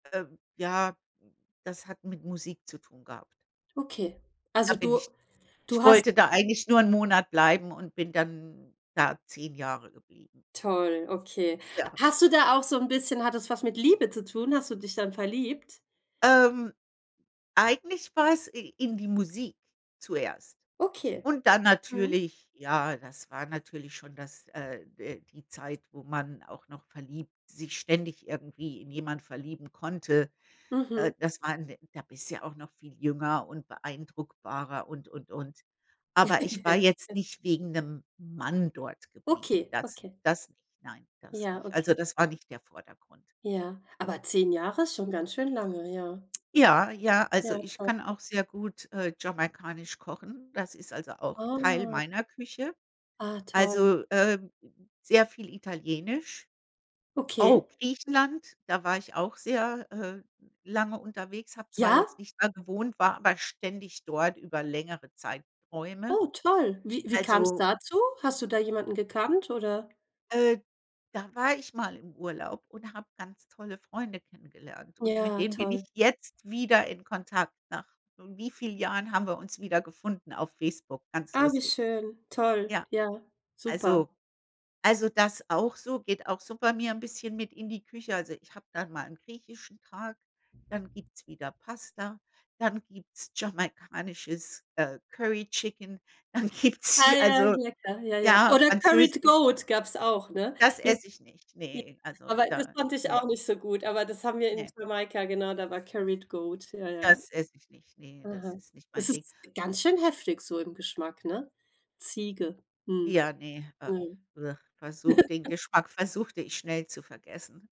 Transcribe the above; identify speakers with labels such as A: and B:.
A: Ähm, ja, das hat mit Musik zu tun gehabt.
B: Okay.
A: Da
B: Also,
A: bin
B: du
A: ich ich
B: du hast
A: wollte da eigentlich nur 'n Monat bleiben und bin dann da 10 Jahre geblieben.
B: Toll, okay.
A: Ja.
B: Hast du da auch so 'n bisschen hat das was mit Liebe zu tun? Hast du dich dann verliebt?
A: Ähm, eigentlich war es i in die Musik zuerst.
B: Okay.
A: Und dann
B: Mhm.
A: natürlich ja, das war natürlich schon das äh äh, die Zeit, wo man auch noch verliebt sich ständig irgendwie in jemanden verlieben konnte. Äh,
B: Mhm.
A: das waren da bist du ja auch noch viel jünger und beeindruckbarer und, und, und. Aber ich war jetzt nicht wegen 'nem Mann dort geblieben.
B: Okay.
A: Das
B: Okay.
A: das nicht. Nein, das
B: Ja,
A: nicht. Also
B: okay.
A: das war nicht der Vordergrund.
B: Ja, aber 10 Jahre ist schon ganz schön lange, ja.
A: Ja, ja, also
B: Ja,
A: ich
B: toll.
A: kann auch sehr gut, äh, jamaikanisch kochen. Das ist also auch Teil
B: Ah.
A: meiner Küche.
B: Ah toll.
A: Also, ähm, sehr viel Italienisch. Oh,
B: Okay.
A: Griechenland, da war ich auch sehr, äh, lange unterwegs, habe zwar
B: Ja?
A: jetzt nicht da gewohnt, war aber ständig dort über längere Zeitrräume.
B: Oh toll, wie wie kam's
A: Also
B: dazu? Hast du da jemanden gekannt oder
A: Äh, da war ich mal im Urlaub und habe ganz tolle Freunde kennengelernt. Und mit
B: Ja,
A: denen bin ich
B: toll.
A: jetzt wieder in Kontakt. Nach wie viel Jahren haben wir uns wieder gefunden auf Facebook. Ganz
B: Ah, wie
A: lustig.
B: schön. Toll.
A: Ja,
B: Ja, super.
A: also also, das auch so. Geht auch super mir 'n bisschen mit in die Küche. Also, ich habe dann mal 'n griechischen Tag, dann gibt's wieder Pasta, dann gibt's jamaikanisches, äh, Curry Chicken, dann gibt's
B: Ah, ja,
A: also,
B: lecker. Ja, ja.
A: ja,
B: Oder Curied
A: Französisch.
B: Goat, gab's auch, ne?
A: Das
B: Jet
A: esse ich nicht.
B: J
A: Ne. Also
B: aber das
A: da
B: fand ich
A: ne.
B: auch nicht so gut, aber das haben wir in
A: Ne.
B: Jamaika genau, da war Curried Goat, ja, ja.
A: Das ess ich nicht, ne, das ist nicht mein
B: Das
A: Ding.
B: ist ganz schön heftig so im Geschmack, ne? Ziege. Mhm.
A: Ja, ne, äh.
B: Mhm.
A: Versuch den Geschmack versuchte ich schnell zu vergessen.